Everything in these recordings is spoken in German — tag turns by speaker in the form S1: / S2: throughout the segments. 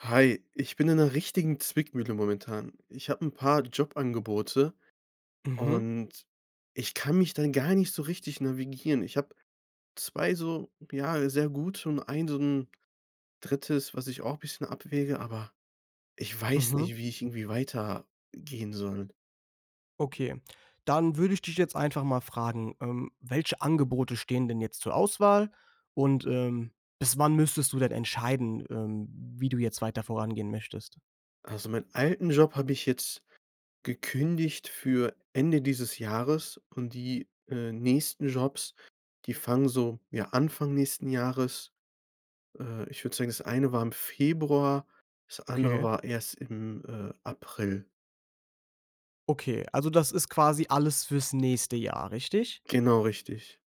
S1: Hi, ich bin in 'ner richtigen Zwickmühle momentan. Ich habe 'n paar Jobangebote.
S2: Mhm.
S1: Und ich kann mich da gar nicht so richtig navigieren. Ich habe 2 so ja, sehr gute, und ein so 'n 3., was ich auch bisschen abwäge, aber ich weiß
S2: Mhm.
S1: nicht, wie ich irgendwie weiter, gehen soll.
S2: Okay, dann würde ich dich jetzt einfach mal fragen, ähm. Welche Angebote stehen denn jetzt zur Auswahl? Und, ähm, bis wann müsstest du denn entscheiden, ähm, wie du jetzt weiter vorangehen möchtest?
S1: Also meinen alten Job habe ich jetzt gekündigt für Ende dieses Jahres. Und die, äh, nächsten Jobs, die fangen so, ja, Anfang nächsten Jahres. Äh, ich würde sagen, das eine war im Februar, das andere
S2: Okay.
S1: war erst im, äh, April.
S2: Okay. Also, das ist quasi alles fürs nächste Jahr, richtig?
S1: Genau, richtig.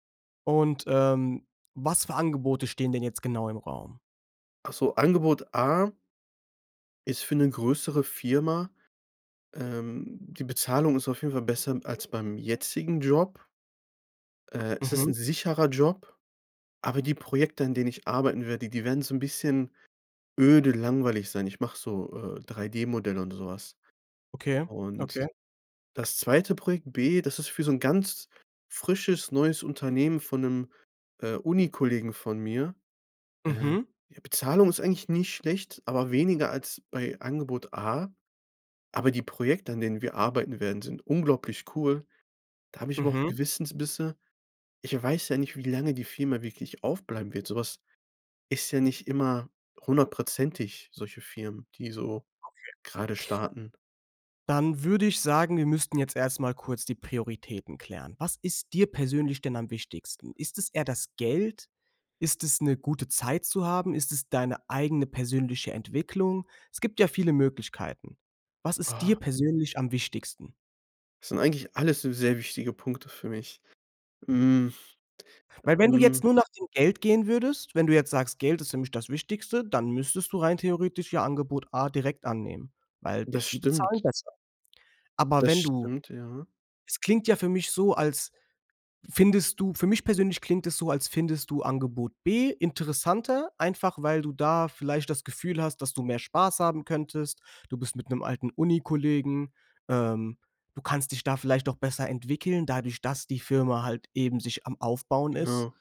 S2: Und, ähm, was für Angebote stehen denn jetzt genau im Raum?
S1: Ach so, Angebot A ist für 'ne größere Firma. Ähm, die Bezahlung ist auf jeden Fall besser als beim jetzigen Job. Äh. Es ist
S2: Mhm.
S1: 'n sicherer Job. Aber die Projekte, an denen ich arbeiten werde, die wären so 'n bisschen öde, langweilig sein. Ich mache so, äh, 3D-Modell und sowas.
S2: Okay,
S1: Und
S2: okay.
S1: das zweite Projekt B. Das ist für so 'n ganz frisches neues Unternehmen von 'nem, äh, Uni-Kollegen von mir, äh.
S2: Mhm.
S1: Die Bezahlung ist eigentlich nicht schlecht, aber weniger als bei Angebot A. Aber die Projekte, an denen wir arbeiten werden, sind unglaublich cool. Da habe ich aber auch
S2: Mhm.
S1: Gewissensbisse. Ich weiß ja nicht, wie lange die Firma wirklich aufbleiben wird sowas ist ja nicht immer hundertprozentig, solche Firmen, die so
S2: Okay.
S1: gerade starten.
S2: Dann würde ich sagen, wir müssten jetzt erst mal kurz die Prioritäten klären. Was ist dir persönlich denn am wichtigsten? Ist es eher das Geld? Ist es 'ne gute Zeit zu haben? Ist es deine eigene persönliche Entwicklung? Es gibt ja viele Möglichkeiten. Was ist dir
S1: Ah.
S2: persönlich am wichtigsten?
S1: Sind eigentlich alles s sehr wichtige Punkte für mich. Hm.
S2: Weil wenn du
S1: Hm.
S2: jetzt nur nach dem Geld gehen würdest, wenn du jetzt sagst: „Geld ist nämlich das Wichtigste“, dann müsstest du rein theoretisch ja Angebot A direkt annehmen, weil
S1: Das
S2: die bezahlen
S1: stimmt.
S2: besser. Aber
S1: Das
S2: wenn du
S1: stimmt, ja.
S2: es klingt ja für mich so, als findest du für mich persönlich klingt es so, als findest du Angebot B interessanter. Einfach, weil du da vielleicht das Gefühl hast, dass du mehr Spaß haben könntest. Du bist mit 'nem alten Unikollegen. Ähm, du kannst dich da vielleicht auch besser entwickeln, dadurch, dass die Firma halt eben sich am Aufbauen ist.
S1: Genau.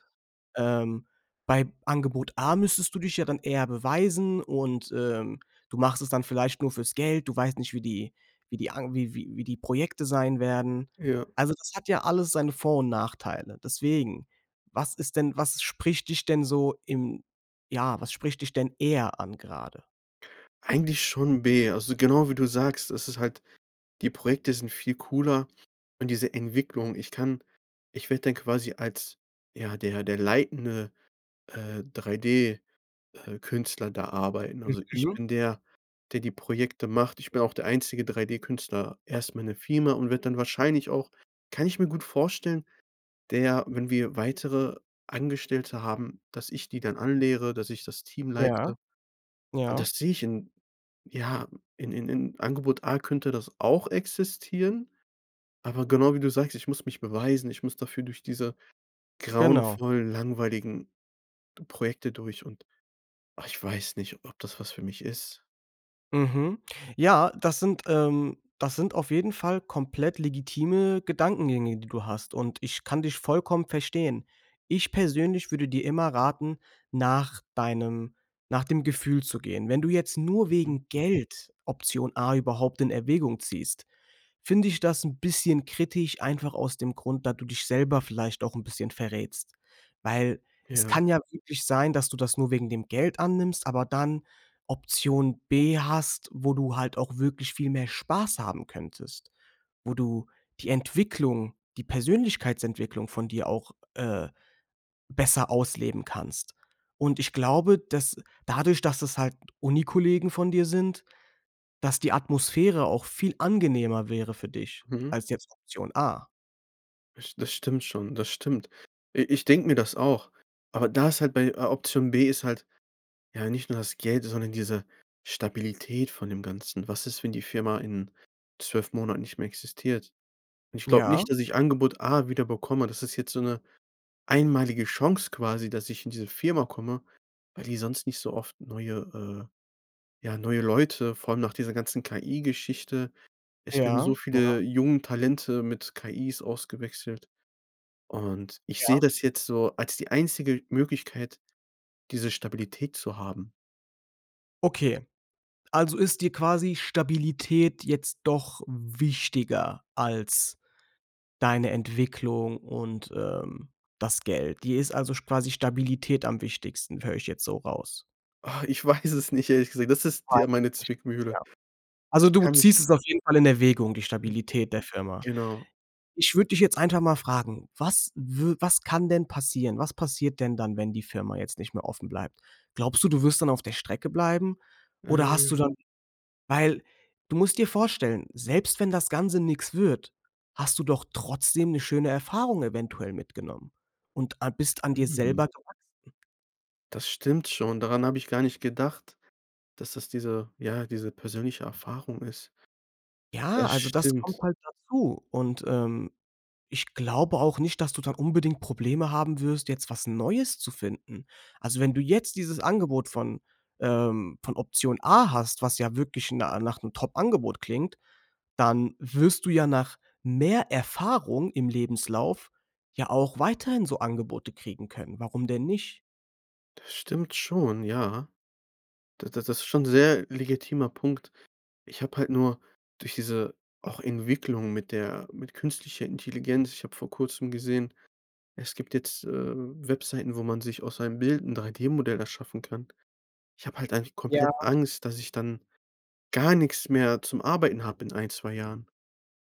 S2: Ähm, bei Angebot A müsstest du dich ja dann eher beweisen. Und, ähm, du machst es dann vielleicht nur fürs Geld. Du weißt nicht, wie die wie die an wie wie die Projekte sein werden.
S1: Ja.
S2: Also, das hat ja alles seine Vor und Nachteile. Deswegen. Was ist denn was spricht dich denn so im ja, was spricht dich denn eher an, gerade?
S1: Eigentlich schon B. Also, genau wie du sagst. Das ist halt die Projekte sind viel cooler. Und diese Entwicklung ich kann ich werde dann quasi als, ja, der der leitende, äh, 3D, äh, Künstler da arbeiten. Also, ich
S2: Mhm.
S1: bin der, der die Projekte macht. Ich bin auch der einzige 3D-Künstler erst mal in der Firma und werde dann wahrscheinlich auch, kann ich mir gut vorstellen, der wenn wir weitere Angestellte haben, dass ich die dann anlehre, dass ich das Team
S2: Ja.
S1: leite. Und
S2: Ja.
S1: das sehe ich in ja, in in in Angebot A könnte das auch existieren. Aber genau wie du sagst, ich muss mich beweisen. Ich muss dafür durch diese
S2: Genau.
S1: grauenvollen, langweiligen Projekte durch. Und, ach, ich weiß nicht, ob das was für mich ist.
S2: Mhm. Ja, das sind, ähm das sind auf jeden Fall komplett legitime Gedankengänge, die du hast. Und ich kann dich vollkommen verstehen. Ich persönlich würde dir immer raten, nach deinem nach dem Gefühl zu gehen. Wenn du jetzt nur
S1: Mhm.
S2: wegen Geld Option A überhaupt in Erwägung ziehst, finde ich das 'n bisschen kritisch, einfach aus dem Grund, da du dich selber vielleicht auch 'n bisschen verrätst, weil es
S1: Ja.
S2: kann ja wirklich sein, dass du das nur wegen dem Geld annimmst aber dann Option B hast, wo du halt auch wirklich viel mehr Spaß haben könntest. Wo du die Entwicklung, die Persönlichkeitsentwicklung von dir auch, äh, besser ausleben kannst. Und ich glaube, dass- dadurch, dass es halt Uni-Kollegen von dir sind- dass die Atmosphäre auch viel angenehmer wäre für dich,
S1: Mhm.
S2: als jetzt Option A.
S1: Das st das stimmt schon. Das stimmt. I ich denke mir das auch. Aber da ist halt bei, äh, Option B ist halt, ja, nicht nur das Geld, sondern diese Stabilität von dem Ganzen. Was ist, wenn die Firma in 12 Monaten nicht mehr existiert? Und ich glaube
S2: Ja.
S1: nicht, dass ich Angebot A wieder bekomme. Das ist jetzt so 'ne, einmalige Chance quasi, dass ich in diese Firma komme, weil die sonst nicht so oft neue, äh ja, neue Leute, vor allem nach dieser ganzen KI-Geschichte. Es werden so
S2: Ja, ja.
S1: viele jungen Talente mit KIs ausgewechselt. Und ich
S2: Ja.
S1: sehe das jetzt so als die einzige Möglichkeit, diese Stabilität zu haben.
S2: Okay. Also ist dir quasi Stabilität jetzt doch wichtiger als deine Entwicklung und, ähm, das Geld. Dir ist also sch quasi Stabilität am wichtigsten. Höre ich jetzt so raus.
S1: Ah, ich weiß es nicht, ehrlich gesagt, das ist
S2: Ja,
S1: ja meine
S2: ich
S1: Zwickmühle.
S2: Ja. Also,
S1: Ich
S2: du
S1: kann mich
S2: ziehst es auf jeden Fall in Erwägung, die Stabilität der Firma.
S1: Genau.
S2: Ich würde dich jetzt einfach mal fragen: Was w was kann denn passieren? Was passiert denn dann, wenn die Firma jetzt nicht mehr offen bleibt? Glaubst du, du wirst dann auf der Strecke bleiben? Oder hast du
S1: Äh.
S2: dann Weil, du musst dir vorstellen, selbst wenn das Ganze nix wird, hast du doch trotzdem 'ne schöne Erfahrung eventuell mitgenommen und a bist an dir
S1: Mhm.
S2: selber gewachsen.
S1: Das stimmt schon. Daran habe ich gar nicht gedacht, dass das diese, ja, diese persönliche Erfahrung ist.
S2: Ja,
S1: Das
S2: also, das
S1: stimmt.
S2: kommt halt dazu. Und, ähm, ich glaube auch nicht, dass du dann unbedingt Probleme haben wirst, jetzt was Neues zu finden. Also, wenn du jetzt dieses Angebot von, ähm, von Option A hast, was ja wirklich na nach 'nem Top-Angebot klingt, dann wirst du ja nach mehr Erfahrung im Lebenslauf ja auch weiterhin so Angebote kriegen können. Warum denn nicht?
S1: Das stimmt schon, ja. D d das ist schon sehr legitimer Punkt. Ich habe halt nur durch diese auch Entwicklung mit der mit künstlicher Intelligenz, ich habe vor kurzem gesehen, es gibt jetzt, äh, Webseiten, wo man sich aus einem Bild 'n 3D-Modell erschaffen kann. Ich habe halt einfach
S2: Ja.
S1: komplett Angst, dass ich dann gar nix mehr zum Arbeiten habe in 1, 2 Jahren.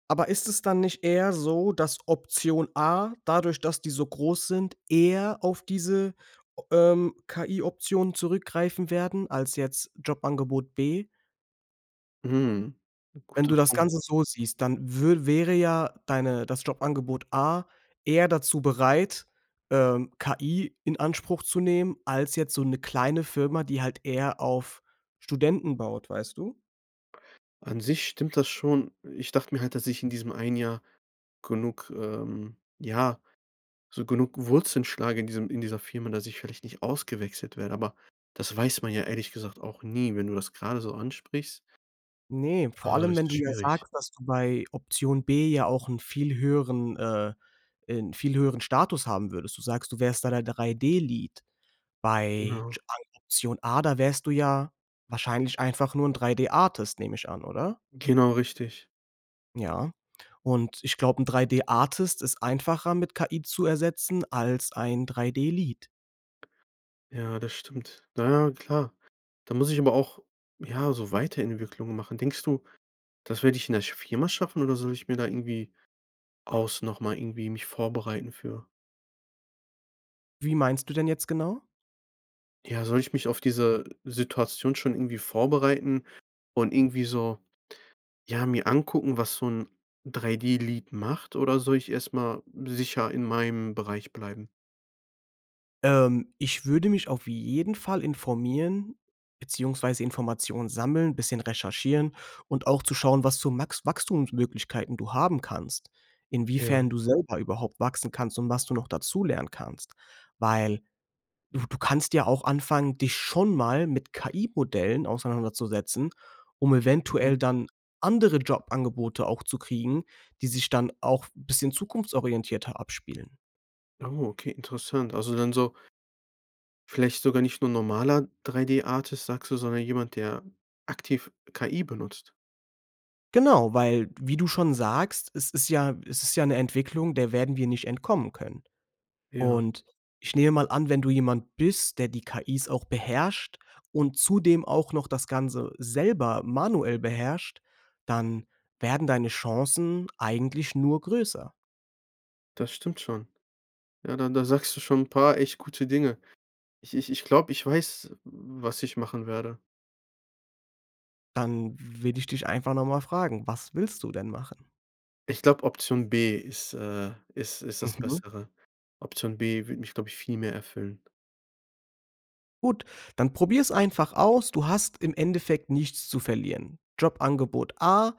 S2: Aber ist es dann nicht eher so, dass Option A dadurch, dass die so groß sind, eher auf diese, o ähm, KI-Optionen zurückgreifen werden als jetzt Jobangebot B?
S1: Mhm.
S2: Wenn du
S1: Guter
S2: das
S1: Punkt.
S2: Ganze so siehst, dann wür wäre ja deine, das Jobangebot A eher dazu bereit, ähm, KI in Anspruch zu nehmen, als jetzt so 'ne kleine Firma, die halt eher auf Studenten baut, weißt du?
S1: An sich stimmt das schon. Ich dachte mir halt, dass ich in diesem 1 Jahr genug, ähm, ja so genug Wurzeln schlage in diesem in dieser Firma, dass ich vielleicht nicht ausgewechselt werde, aber das weiß man ja ehrlich gesagt auch nie, wenn du das gerade so ansprichst.
S2: Ne, vor
S1: Ah,
S2: allem,
S1: das
S2: wenn
S1: ist
S2: du ja
S1: schwierig.
S2: sagst, dass du bei Option B ja auch 'n viel höheren, äh ein viel höheren Status haben würdest. Du sagst: „Du wärst da der 3D-Lead, bei
S1: Genau.
S2: [unintelligible] Option A“, da wärst du ja wahrscheinlich einfach nur 'n 3D-Artist, nehme ich an, oder?
S1: Genau richtig.
S2: Ja, und ich glaube, 'n 3D-Artist ist einfacher mit KI zu ersetzen als ein 3D-Lead.
S1: Ja, das stimmt. Na ja, klar. Da muss ich aber auch, ja, so Weiterentwicklungen machen. Denkst du, das werde ich in der sch Firma schaffen? Oder, soll ich mir da irgendwie aus nochmal irgendwie mich vorbereiten für?
S2: Wie meinst du denn jetzt genau?
S1: Ja, soll ich mich auf diese Situation schon irgendwie vorbereiten und irgendwie so, ja, mir angucken, was so 'n 3D-Lead macht, oder soll ich erstmal sicher in meinem Bereich bleiben?
S2: Ähm, ich würde mich auf jeden Fall informieren beziehungsweise Informationen sammeln, 'n bisschen recherchieren und auch zu schauen, was zu Max Wachstumsmöglichkeiten du haben kannst,
S1: Ja.
S2: inwiefern du selber überhaupt wachsen kannst und was du noch dazu lernen kannst. Weil, du du kannst ja auch anfangen, dich schon mal mit KI-Modellen auseinanderzusetzen, um
S1: Mhm.
S2: eventuell dann andere Jobangebote auch zu kriegen, die sich dann auch bisschen zukunftsorientierter abspielen.
S1: Oh, okay, interessant. Also dann so vielleicht sogar nicht nur normaler 3D-Artist, sagst du, sondern jemand, der aktiv KI benutzt.
S2: Genau, weil, wie du schon sagst, es ist ja es ist ja 'ne Entwicklung, der werden wir nicht entkommen können.
S1: Ja.
S2: Und, ich nehme mal an, wenn du jemand bist, der die KI's auch beherrscht und zudem auch noch das Ganze selber manuell beherrscht, dann werden deine Chancen eigentlich nur größer.
S1: Das stimmt schon. Ja, da da sagst du schon 'n paar echt gute Dinge. Ich ich ich glaube, ich weiß, w was ich machen werde.
S2: Dann will ich dich einfach noch mal fragen: Was willst du denn machen?
S1: Ich glaube Option B ist, äh, ist ist das
S2: Mhm.
S1: Bessere. Option B würde mich, glaube ich, viel mehr erfüllen.
S2: Gut, dann probier's einfach aus. Du hast im Endeffekt nichts zu verlieren. Jobangebot A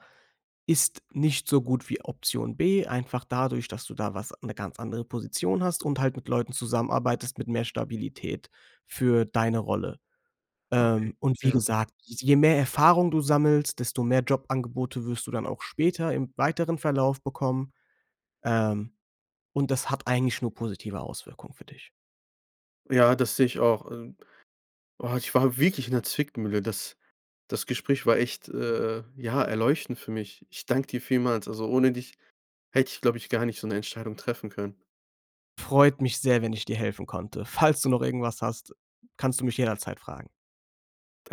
S2: ist nicht so gut wie Option B. Einfach dadurch, dass du da was 'ne ganz andere Position hast und halt mit Leuten zusammenarbeitest mit mehr Stabilität für deine Rolle.
S1: Okay,
S2: Ähm, und wie
S1: ja.
S2: gesagt, je mehr Erfahrung du sammelst, desto mehr Jobangebote wirst du dann auch später im weiteren Verlauf bekommen, ähm, und das hat eigentlich nur positive Auswirkungen für dich.
S1: Ja, das sehe ich auch. Äh, boah, ich war wirklich in der Zwickmühle. Das das Gespräch war echt, äh äh, ja erleuchtend für mich. Ich danke dir vielmals. Also ohne dich hätte ich, glaube ich, gar nicht so 'ne Entscheidung treffen können.
S2: Freut mich sehr, wenn ich dir helfen konnte. Falls du noch irgendwas hast, kannst du mich jederzeit fragen.